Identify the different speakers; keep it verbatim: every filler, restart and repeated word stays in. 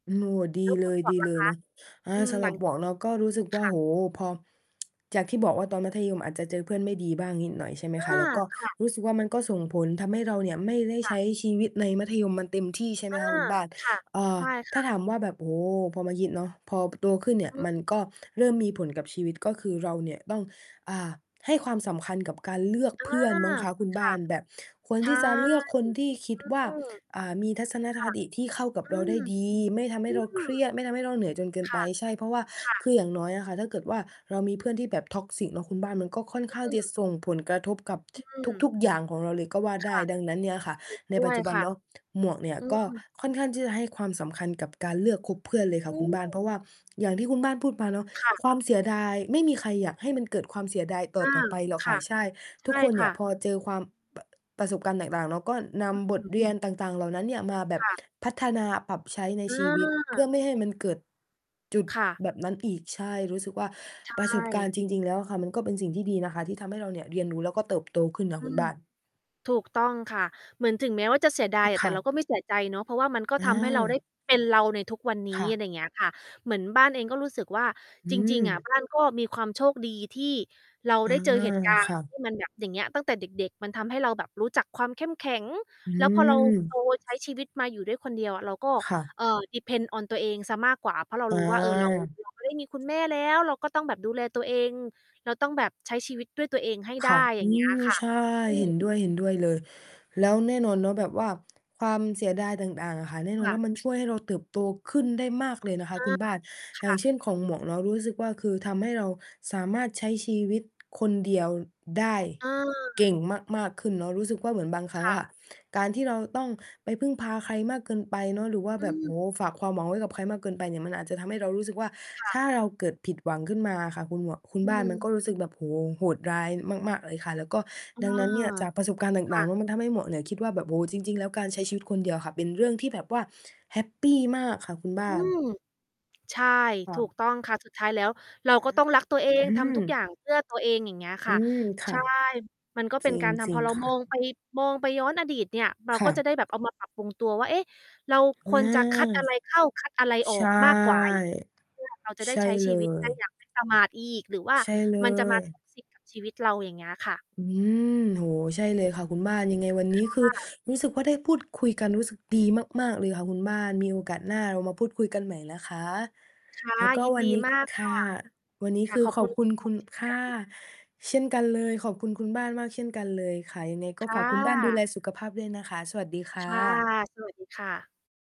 Speaker 1: โอ้โฮ ดี
Speaker 2: แล้ว
Speaker 1: เ
Speaker 2: ค
Speaker 1: ล
Speaker 2: ุณ
Speaker 1: ย
Speaker 2: หมว
Speaker 1: ด
Speaker 2: ก
Speaker 1: ี
Speaker 2: ล่
Speaker 1: เล
Speaker 2: ะค
Speaker 1: ยเนาะ
Speaker 2: ะ?
Speaker 1: อา
Speaker 2: อืม
Speaker 1: สำ
Speaker 2: ห
Speaker 1: ห
Speaker 2: ล
Speaker 1: รั
Speaker 2: ั
Speaker 1: บ
Speaker 2: ง
Speaker 1: หมวกเนาะก็รู้สึกว
Speaker 2: ค
Speaker 1: ่า
Speaker 2: ่ะ
Speaker 1: โอ้โฮ พอ จากที่บอกว่าตอนมัธยมอาจจะเจอเพื่อนไม่ดีบ้างนิดหน่อย ใช่ไหม
Speaker 2: อา
Speaker 1: คะ แล้วก็
Speaker 2: ค่ะ
Speaker 1: รู้สึกว่า มันก็ส่งผลทำให้เราเนี่ย ไม่ได้
Speaker 2: ค
Speaker 1: ใ
Speaker 2: ่
Speaker 1: ช
Speaker 2: ะ
Speaker 1: ้ชีวิตในมัธยมมันเต็มที่ ใช่ไหม
Speaker 2: อา
Speaker 1: คะคุณบ้าน
Speaker 2: ค่ะ
Speaker 1: อ่า
Speaker 2: ใช่ค
Speaker 1: ถ้
Speaker 2: ่ะ
Speaker 1: าถามว่าแบบ โอ้โฮ พอมายิด เนาะ พอโตขึ้นเนี่ย
Speaker 2: อือ
Speaker 1: มันก็เริ่มมีผลกับชีวิต ก็คือเราเนี่ยต้อง อ่า ให้ความสำคัญกับการเลือก
Speaker 2: เออ
Speaker 1: เพื่อนมั้งคะคุณบ
Speaker 2: ค
Speaker 1: ้
Speaker 2: ่
Speaker 1: า
Speaker 2: ะ
Speaker 1: น แบบควร
Speaker 2: ใช
Speaker 1: ท
Speaker 2: ่
Speaker 1: ี่จะเลือกคนที่คิดว่า
Speaker 2: อืม
Speaker 1: อ่า มีทัศน
Speaker 2: ค่
Speaker 1: ค
Speaker 2: ะ
Speaker 1: ติที่เข้ากับ
Speaker 2: อื
Speaker 1: เราได
Speaker 2: ม
Speaker 1: ้ดี ไม่ทำให
Speaker 2: อ
Speaker 1: ้
Speaker 2: ื
Speaker 1: เราเค
Speaker 2: ม
Speaker 1: รียด ไม่ทำให้เราเหนื่อยจนเกิน
Speaker 2: ค
Speaker 1: ไป
Speaker 2: ่ะ
Speaker 1: ใช่ เพราะว่า
Speaker 2: ค่
Speaker 1: ค
Speaker 2: ะ
Speaker 1: ืออย่างน้อยอะค่ะ ถ้าเกิดว่าเรามีเพื่อนที่แบบ toxic เนาะคุณบ้าน มันก็ค่อน
Speaker 2: อ
Speaker 1: ข้าง
Speaker 2: ื
Speaker 1: จะ
Speaker 2: ม
Speaker 1: ส่งผลกระทบกับ
Speaker 2: อืม
Speaker 1: ทุก ๆ อย่างของเราเลยก็ว่า
Speaker 2: ค
Speaker 1: ได้
Speaker 2: ่ะ
Speaker 1: ดังนั้นเนี่ยค่ะ
Speaker 2: ถูก
Speaker 1: ใน
Speaker 2: ด
Speaker 1: ป
Speaker 2: ้
Speaker 1: ั
Speaker 2: ว
Speaker 1: จจ
Speaker 2: ย
Speaker 1: ุบั
Speaker 2: ค
Speaker 1: น
Speaker 2: ่ะ
Speaker 1: เนาะ หมวกเนี่ย
Speaker 2: อื
Speaker 1: ก็
Speaker 2: ม
Speaker 1: ค่อนข้างที่จะให้ความสำคัญกับการเลือกคบเพื่อนเลยค่
Speaker 2: อ
Speaker 1: ะ
Speaker 2: ื
Speaker 1: คุณบ้าน เพรา
Speaker 2: ม
Speaker 1: ะว่าอย่างที่คุณบ้านพูดมาเนาะ
Speaker 2: ค่ะ
Speaker 1: ความเสียดาย ไม่มีใครอยากให้มันเกิดความเสียดายต
Speaker 2: อ
Speaker 1: ่
Speaker 2: ื
Speaker 1: อ
Speaker 2: ม
Speaker 1: ๆ ไปหรอก
Speaker 2: ค
Speaker 1: ค่
Speaker 2: ่
Speaker 1: ะ
Speaker 2: ะ
Speaker 1: ใช่
Speaker 2: ใช
Speaker 1: ทุก
Speaker 2: ่
Speaker 1: คนเ
Speaker 2: ค
Speaker 1: นี่
Speaker 2: ่
Speaker 1: ย
Speaker 2: ะ
Speaker 1: พอเจอความ ป ประสบการณ์ต่าง ๆ เนาะ ก็นำ
Speaker 2: อ
Speaker 1: บท
Speaker 2: ืม
Speaker 1: เรียนต่าง ๆ เหล่านั้นเนี่ย มาแบบ
Speaker 2: ค่ะ
Speaker 1: พัฒนาปรับใช้ใน
Speaker 2: อ
Speaker 1: ชีวิต เพื่
Speaker 2: า
Speaker 1: อไม่ให้มันเกิด จุด
Speaker 2: ค่ะ
Speaker 1: แบบนั้นอีก ใช่ รู้สึกว่า
Speaker 2: ใช
Speaker 1: ประสบการณ
Speaker 2: ่
Speaker 1: ์จริง ๆ แล้วอะค่ะ มันก็เป็นสิ่งที่ดีนะคะที่ทำให้เราเนี่ยเรียนรู้ แล้วก็เติบโตขึ้นค่ะ
Speaker 2: อื
Speaker 1: คุณ
Speaker 2: ม
Speaker 1: บ้าน
Speaker 2: ถูกต้องค่ะ เหมือนถึงแม้ว่าจะเสียดา
Speaker 1: อ
Speaker 2: ย
Speaker 1: ือ
Speaker 2: อะ
Speaker 1: ค
Speaker 2: แต่
Speaker 1: ่
Speaker 2: เรา
Speaker 1: ะ
Speaker 2: ก็ไม่เสียใจเนาะ เพราะว่ามันก็
Speaker 1: อ
Speaker 2: ทำให้เราได้
Speaker 1: า
Speaker 2: เป็นเราในทุกวันน
Speaker 1: ค
Speaker 2: ี้
Speaker 1: ่ะ
Speaker 2: อะไรเงี้ยค่ะ เหมือนบ้านเองก็รู้สึกว่า
Speaker 1: อื
Speaker 2: จริง ๆ อะ
Speaker 1: ม
Speaker 2: บ้านก็มีความโชคดีที่เรา
Speaker 1: อา
Speaker 2: ได้เจอเหตุ การณ
Speaker 1: ค
Speaker 2: ์
Speaker 1: ่
Speaker 2: ท
Speaker 1: ะ
Speaker 2: ี่มันแบบ อย่างเงี้ย ตั้งแต่เด็ก ๆ มันทำให้เราแบบรู้จักความเข้มแข็ง
Speaker 1: อื
Speaker 2: แล้วพอเรา
Speaker 1: ม
Speaker 2: โต ใช้ชีวิตมาอยู่ด้วย คนเดียวอะ เราก็
Speaker 1: ค่ะ
Speaker 2: เอ่อ depends on ตัวเองเสียมากกว่า เพราะเรา
Speaker 1: อ
Speaker 2: รู้ว่า เออ เรา
Speaker 1: า
Speaker 2: เราไม่ได้มีคุณแม่แล้ว เราก็ต้องแบบดูแลตัวเอง เราต้องแบบใช้ชีวิตด้วยตัวเองให้ไ
Speaker 1: ค
Speaker 2: ด้
Speaker 1: ่ะ
Speaker 2: อย
Speaker 1: อ
Speaker 2: ่
Speaker 1: ื
Speaker 2: าง เงี้ย
Speaker 1: ม
Speaker 2: ค่ะ
Speaker 1: ใช่
Speaker 2: อื
Speaker 1: เห
Speaker 2: ม
Speaker 1: ็นด้วย ๆ เลย แล้วแน่นอนเนาะ แบบว่าความเสียดายต่าง ๆ อะค่ะ แน่
Speaker 2: ค
Speaker 1: นอ
Speaker 2: ่
Speaker 1: น
Speaker 2: ะ
Speaker 1: ว่ามันช่วยให้เราเติบโตขึ้นได้มากเลยนะคะ
Speaker 2: อา
Speaker 1: คุณบ้าน
Speaker 2: ค
Speaker 1: อย่า
Speaker 2: ่
Speaker 1: ง
Speaker 2: ะ
Speaker 1: เช่น ของหมวกเนาะรู้สึกว่า คือทำให้เราสามารถใช้ชีวิต คนเดียวได้
Speaker 2: อ
Speaker 1: เก
Speaker 2: า
Speaker 1: ่งมาก ๆ ขึ้นเนาะ รู้สึกว่าเหมือนบางครั
Speaker 2: ค
Speaker 1: ้ง
Speaker 2: ่
Speaker 1: อ
Speaker 2: ะ
Speaker 1: ะ การที่เราต้องไปพึ่งพาใครมากเกินไปเนาะ หรือว่า
Speaker 2: อื
Speaker 1: แบบ โอ้
Speaker 2: ม
Speaker 1: โฮ ฝากความหวังไว้กับใครมากเกินไปเนี่ย มันอาจจะทำให้เรารู้สึกว่า
Speaker 2: ค่ะ
Speaker 1: ถ้าเราเกิดผิดหวังขึ้นมาอะค่ะ คุณหมวก คุ
Speaker 2: อ
Speaker 1: ณ
Speaker 2: ื
Speaker 1: บ้าน มัน
Speaker 2: ม
Speaker 1: ก็รู้สึกแบบ โอ้โฮ โหดร้ายมาก ๆ เลยค่ะ แล้วก็
Speaker 2: อา
Speaker 1: ดังนั้นเนี่ย จากประสบการณ์ต
Speaker 2: ค
Speaker 1: ่
Speaker 2: ่
Speaker 1: าง ๆ เน
Speaker 2: ะ
Speaker 1: าะ มันทำให้หมวกเนี่ยคิดว่าแบบ โอ้โฮ จริง ๆ แล้วการใช้ชีวิตคนเดียวค่ะ เป็นเรื่องที่แบบว่าแฮปปีมากค่ะคุณบ้
Speaker 2: อื
Speaker 1: าน
Speaker 2: ม ใช่
Speaker 1: ค่
Speaker 2: ถูก
Speaker 1: ะ
Speaker 2: ต้องค่ะ สุดท้ายแล้วเรา
Speaker 1: อา
Speaker 2: ก็ต้องรักตัวเอ
Speaker 1: อ
Speaker 2: ง
Speaker 1: ื
Speaker 2: ทำทุกอ
Speaker 1: ม
Speaker 2: ย่างเพื่อตัวเอง อย่างเงี้ยค
Speaker 1: อื
Speaker 2: ่ะ
Speaker 1: ม ค
Speaker 2: ใช
Speaker 1: ่ะ
Speaker 2: ่ มันก็เ
Speaker 1: จ
Speaker 2: ป็
Speaker 1: ร
Speaker 2: น
Speaker 1: ิง
Speaker 2: การท
Speaker 1: จร
Speaker 2: ำ
Speaker 1: ิ
Speaker 2: พ
Speaker 1: ง
Speaker 2: อเรา
Speaker 1: ค่
Speaker 2: ม
Speaker 1: ะ
Speaker 2: องไป มองไปย้อนอดีตเนี่ย เรา
Speaker 1: ค
Speaker 2: ก
Speaker 1: ่
Speaker 2: ็จะ
Speaker 1: ะ
Speaker 2: ได้แบบเอามาปรับปรุงตัวว่า เอ๊ะ เราค
Speaker 1: อา
Speaker 2: วรจะคัดอะไรเข้า คัดอะไรอ
Speaker 1: ใ
Speaker 2: อ
Speaker 1: ช่
Speaker 2: กมากกว่า ไอ้ เพื่อ เราจะได
Speaker 1: ใ
Speaker 2: ้
Speaker 1: ช่
Speaker 2: ใช้
Speaker 1: เ
Speaker 2: ช
Speaker 1: ล
Speaker 2: ีวิต ได
Speaker 1: ย
Speaker 2: ้อย่าง ไม่ประมาทอีก หรือว่า
Speaker 1: ใช่เล
Speaker 2: มันจะมา
Speaker 1: ย
Speaker 2: สุ่มเสี่ยง กับชีวิตเรา อย่างเงี้ยค่ะ
Speaker 1: อืม โอ้โฮ ใช่เลยค่ะคุณบ้าน ยังไงวันนี้ คือ
Speaker 2: ค่ะ
Speaker 1: รู้สึกว่าได้พูดคุยกัน รู้สึกดีมาก ๆ เลยค่ะคุณบ้าน มีโอกาสหน้าเรามาพูดคุยกันใหม่นะคะ
Speaker 2: ค่ะ
Speaker 1: แล้วก็
Speaker 2: ยิน
Speaker 1: วัน
Speaker 2: ดี
Speaker 1: นี้
Speaker 2: มาก
Speaker 1: ค
Speaker 2: ค
Speaker 1: ่ะ
Speaker 2: ่ะ
Speaker 1: วันนี้
Speaker 2: ค่
Speaker 1: ค
Speaker 2: ะ
Speaker 1: ือ
Speaker 2: ขอบ
Speaker 1: ข
Speaker 2: ค
Speaker 1: อ
Speaker 2: ุ
Speaker 1: บ
Speaker 2: ณ
Speaker 1: คุ
Speaker 2: คุ
Speaker 1: ณ
Speaker 2: ณหม
Speaker 1: คุ
Speaker 2: วก
Speaker 1: ณ
Speaker 2: เช่น
Speaker 1: ค
Speaker 2: ก
Speaker 1: ่ะ
Speaker 2: ัน
Speaker 1: เช่นกันเลย ขอบคุณคุณบ้านมากเช่นกันเลยค่ะ ยังไงก็
Speaker 2: ค
Speaker 1: ฝ
Speaker 2: ่
Speaker 1: ากคุณบ้านดูแล
Speaker 2: ะ
Speaker 1: สุขภาพด้วยนะคะ สวัสดีค
Speaker 2: ค
Speaker 1: ่
Speaker 2: ่ะ
Speaker 1: ะ
Speaker 2: สวัสดีค่ะ